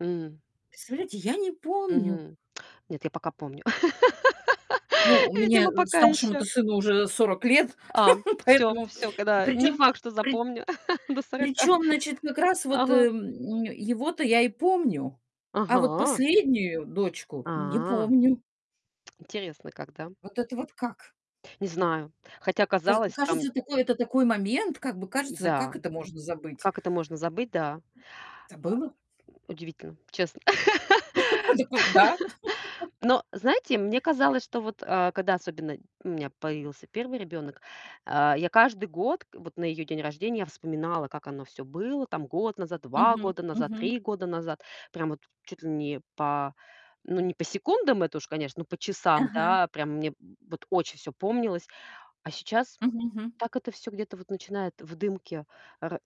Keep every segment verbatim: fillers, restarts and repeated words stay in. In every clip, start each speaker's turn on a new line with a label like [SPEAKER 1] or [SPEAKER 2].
[SPEAKER 1] М.
[SPEAKER 2] Представляете, я не помню.
[SPEAKER 1] Мгм. Нет, я пока помню.
[SPEAKER 2] Ну, у меня
[SPEAKER 1] Видимо, пока ещё.
[SPEAKER 2] старшему-то сыну уже сорок лет,
[SPEAKER 1] А, всё
[SPEAKER 2] поэтому
[SPEAKER 1] всё,
[SPEAKER 2] и
[SPEAKER 1] кода не
[SPEAKER 2] причём,
[SPEAKER 1] факт, что
[SPEAKER 2] при
[SPEAKER 1] запомню до сорока.
[SPEAKER 2] причём, значит, как раз вот,
[SPEAKER 1] Ага.
[SPEAKER 2] эм, его-то я и помню. А вот
[SPEAKER 1] Ага!
[SPEAKER 2] последнюю дочку не
[SPEAKER 1] А!
[SPEAKER 2] помню.
[SPEAKER 1] Интересно как, да?
[SPEAKER 2] Вот это вот как?
[SPEAKER 1] Не знаю. Хотя
[SPEAKER 2] Каз
[SPEAKER 1] казалось там
[SPEAKER 2] кажется, такой, это такой момент, как бы кажется, как
[SPEAKER 1] М-да,
[SPEAKER 2] это можно забыть?
[SPEAKER 1] как это можно забыть, да.
[SPEAKER 2] Забыла.
[SPEAKER 1] А, удивительно, честно.
[SPEAKER 2] Дак вот да.
[SPEAKER 1] Но знаете, мне казалось, что вот, а, когда особенно у меня появился первый ребёнок, а, я каждый год, вот на её день рождения, я вспоминала, как оно всё было там год назад, два
[SPEAKER 2] Мгм
[SPEAKER 1] года назад,
[SPEAKER 2] мгм.
[SPEAKER 1] три года назад, прямо от чуть ли не па ну, не по секундам, это уж, конечно, но по часам,
[SPEAKER 2] Ага.
[SPEAKER 1] да, прямо мне вот очень всё помнилось, а сейчас
[SPEAKER 2] Мгм мгм.
[SPEAKER 1] так это всё где-то вот начинает в дымке, а ра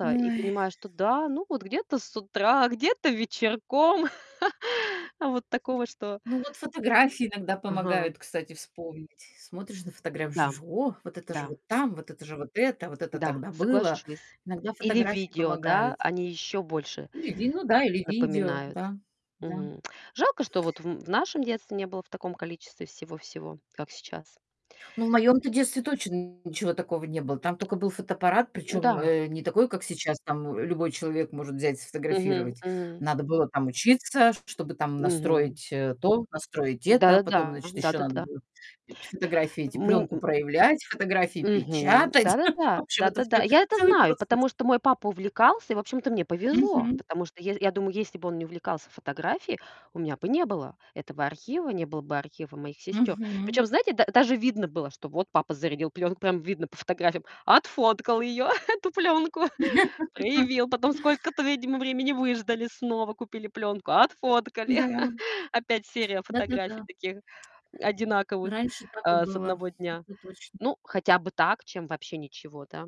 [SPEAKER 1] и
[SPEAKER 2] Ой.
[SPEAKER 1] понимаешь, что да, ну вот где-то с утра, где-то вечерком. Вот такого, что
[SPEAKER 2] Ну вот фотографии иногда
[SPEAKER 1] Ага.
[SPEAKER 2] помогают, кстати, вспомнить. Смотришь на фотографи
[SPEAKER 1] Да.
[SPEAKER 2] жуж: "О, вот это же
[SPEAKER 1] Да.
[SPEAKER 2] вот там, вот это же, вот это, а вот это
[SPEAKER 1] Да.
[SPEAKER 2] тогда было".
[SPEAKER 1] Соглашусь.
[SPEAKER 2] Иногда
[SPEAKER 1] Или
[SPEAKER 2] фотографии
[SPEAKER 1] видео, да,
[SPEAKER 2] помогают.
[SPEAKER 1] они ещё больше
[SPEAKER 2] Или ди ну да, или видео,
[SPEAKER 1] напоминают.
[SPEAKER 2] да, да.
[SPEAKER 1] Мгм. Жалко, что вот в м в нашем детстве не было в таком количестве всего-всего, как сейчас.
[SPEAKER 2] Ну, в моем-то детстве точно ничего такого не было. Там тока был фотоаппарат, причём,
[SPEAKER 1] М-да.
[SPEAKER 2] э, не такой, как сейчас, там любой человек может взять,
[SPEAKER 1] Мгм
[SPEAKER 2] сфотографировать.
[SPEAKER 1] мгм.
[SPEAKER 2] Надо было там учиться, чтобы там
[SPEAKER 1] Мгм.
[SPEAKER 2] настроить, э, то, настроить это, потом,
[SPEAKER 1] Да-да-да.
[SPEAKER 2] значит, ещё надо
[SPEAKER 1] Да-да-да.
[SPEAKER 2] будет фи фотографии эти, пленку
[SPEAKER 1] Мнь
[SPEAKER 2] проявлять, фотографии
[SPEAKER 1] Мгм.
[SPEAKER 2] печатать.
[SPEAKER 1] Да-да-да.
[SPEAKER 2] В общем, это
[SPEAKER 1] Да-да-да.
[SPEAKER 2] всё
[SPEAKER 1] Я это
[SPEAKER 2] целый
[SPEAKER 1] знаю,
[SPEAKER 2] процесс.
[SPEAKER 1] потому что мой папа увлекался и, общем-то, мне повезло,
[SPEAKER 2] Мгм.
[SPEAKER 1] потому что я ес я думаю, если бы он не увлекался фотографией, у меня бы не было этого архива, не было бы архива моих сестёр.
[SPEAKER 2] Мгм.
[SPEAKER 1] Причём, знаете, да даже видно было, что вот папа зарядил плёнку, прям видно по фотографиям, отфоткал её, эту плёнку, проявил, потом сколько-то, видимо, времени выждали, снова купили плёнку, отфоткали.
[SPEAKER 2] Да.
[SPEAKER 1] Опять серия фотографий
[SPEAKER 2] Да-да-да.
[SPEAKER 1] таких одинаковых,
[SPEAKER 2] Раньше так и
[SPEAKER 1] э, с
[SPEAKER 2] было,
[SPEAKER 1] одного дня.
[SPEAKER 2] это точно.
[SPEAKER 1] Ну, хотя бы так, чем вообще ничего, да?